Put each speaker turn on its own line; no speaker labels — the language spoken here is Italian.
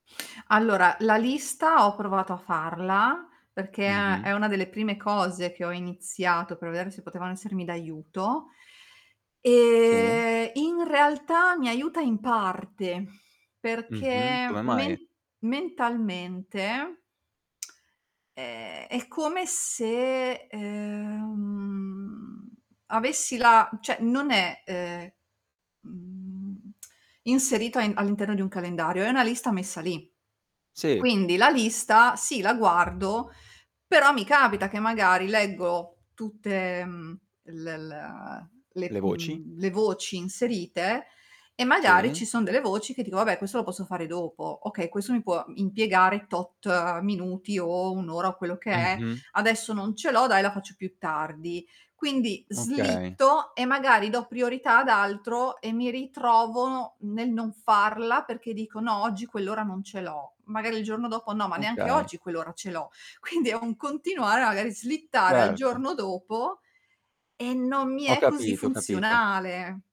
Allora, la lista ho provato a farla, perché è
Mh-mh.
è una delle prime cose che ho iniziato per vedere se potevano essermi d'aiuto
Sì.
e in realtà mi aiuta in parte,
Mh-mh.
perché
Come
men
mai?
mentalmente è è come se, ehm, avessi la cioè non è, ehm, mhmm, inserito a in all'interno di un calendario, è una lista messa lì.
Sì.
Quindi la lista, sì la guardo, però mi capita che magari leggo tutte, mhmm, l l ehm,
Le
le
voci?
mhmm, le voci inserite, e magari
Sì.
ci son delle voci che dico: "Vabbè, questo lo posso fare dopo. Okay, questo mi può, mhmm, impiegare tot minuti o 1 ora o quello che è,
Mh-mh.
adesso non ce l'ho, dai la faccio più tardi". Quindi
Okay.
slitto e magari do priorità ad altro e mi ritrovo nel non farla, perché dico: "no oggi quell'ora non ce l'ho". Magari il giorno dopo: "no, ma neanche
Okay.
oggi quell'ora ce l'ho". Quindi è un continuare magari slittare al
Certo.
giorno dopo e non mi
Ho
è così
capito, ho capito.
funzionale.